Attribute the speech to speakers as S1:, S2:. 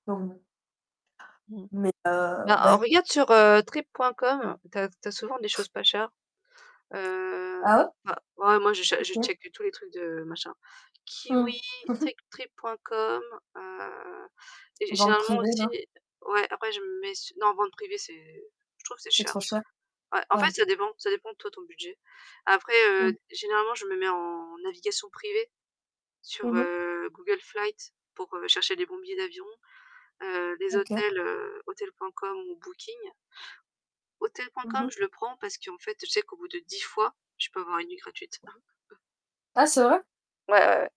S1: Mmh mh.
S2: Mmh.
S1: Mais, heu,
S2: Bah,
S1: bah
S2: en regarde sur, heu, Trip.com, tu as tu as souvent des choses pas chères. Heu,
S1: Ah, ouais?
S2: bah, ouais, moi je cha je
S1: OK.
S2: checke tous les trucs de machin. Kiwi,
S1: Mmh.
S2: Trip Trip.com, heu, gé
S1: Ventes
S2: généralement
S1: privées,
S2: aussi
S1: là?
S2: ouais, après je me mets su non, vente privée c'est je trouve que c'est
S1: C'est
S2: cher,
S1: trop cher.
S2: ouais, en fait,
S1: Ouais.
S2: ça dépend, ça dépend toi, ton budget. Après, heu,
S1: Mmh.
S2: généralement, je me mets en navigation privée sur,
S1: Mmh mh.
S2: heu, Google Flights, pour, heu, chercher les bons billets d'avion, heu, des
S1: OK.
S2: hôtels, heu, Hotels.com ou Booking.
S1: Mmh
S2: Hotels.com,
S1: mh.
S2: je le prends, parce qu'en fait, je sais qu'au bout de 10 fois, je peux avoir une nuit gratuite.
S1: Ah, c'est vrai?
S2: Ouais, ouais, ouais.